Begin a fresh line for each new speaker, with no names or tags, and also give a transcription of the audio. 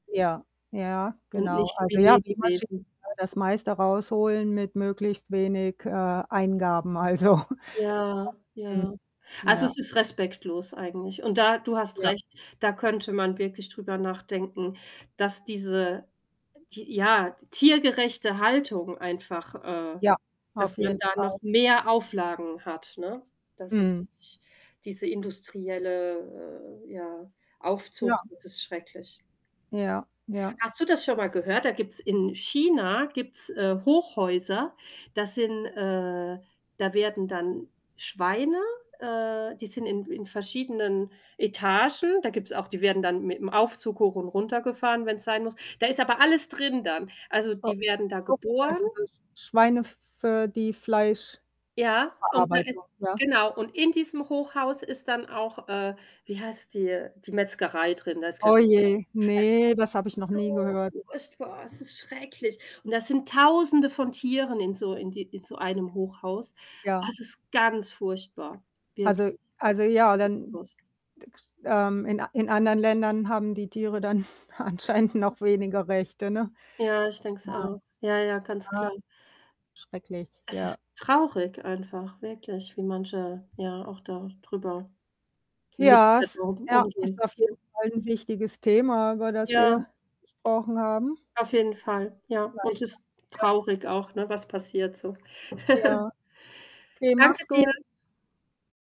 Ja, ja,
Und
genau.
nicht wie
Also, ja, wie Maschinen
Lebewesen.
das meiste rausholen mit möglichst wenig, äh, Eingaben. Also
Ja,
[unintelligible] Mhm.
ja. Also,
Ja.
es ist respektlos eigentlich. Und da du hast
Ja.
recht, da könnte man wirklich drüber nachdenken, dass diese, t ja, tiergerechte Haltung einfach äh,
Ja, auf
dass man
jeden
da noch
Fall.
mehr Auflagen hat, ne? Dass es
Mhm.
diese industrielle, äh, ja,
Ja.
Aufzucht das ist schrecklich.
Ja, ja.
Hast du das schon mal gehört? Da gibt's in China, gibt's, äh, Hochhäuser, das sind, äh da werden dann Schweine, äh die sind in in verschiedenen Etagen. Da gibt's auch die werden dann mit 'm Aufzug hoch und runtergefahren, wenn's sein muss. Da ist aber alles drin dann. Also
O
die werden da
so
geboren.
also so Schweine f für die Fleischverarbeitung,
Ja, und da ist
ja.
genau, und in diesem Hochhaus ist dann auch, äh wie heißt die die Metzgerei drin. Da ist
Oh
gleich
je,
also,
ne, das habe ich noch
das
nie gehört.
ist so furchtbar, es ist schrecklich. Und da sind Tausende von Tieren in so in die in so einem Hochhaus.
Ja.
Es ist ganz furchtbar, wirklich.
Also
[unintelligible]
also ja,
big
dann
Boss
d k ähm, in in anderen Ländern haben die Tiere dann anscheinend noch weniger Rechte, ne?
Ja, ich denk's
Ja.
auch. Ja, ja, ganz
Ah,
klar.
schrecklich,
Es
ja.
ist traurig einfach wirklich, wie manche, ja, auch da drüber mit
Ja
der
es
Situation
ja, ist
umgehen,
auf jeden
ne?
Fall 'n wichtiges Thema, über das
Ja
wir gesprochen haben.
Auf jeden Fall, ja. Und
Vielleicht [unintelligible]
ist
Tier.
traurig auch, ne, was passiert so.
Ja. Okay,
Danke
machs
dir.
gu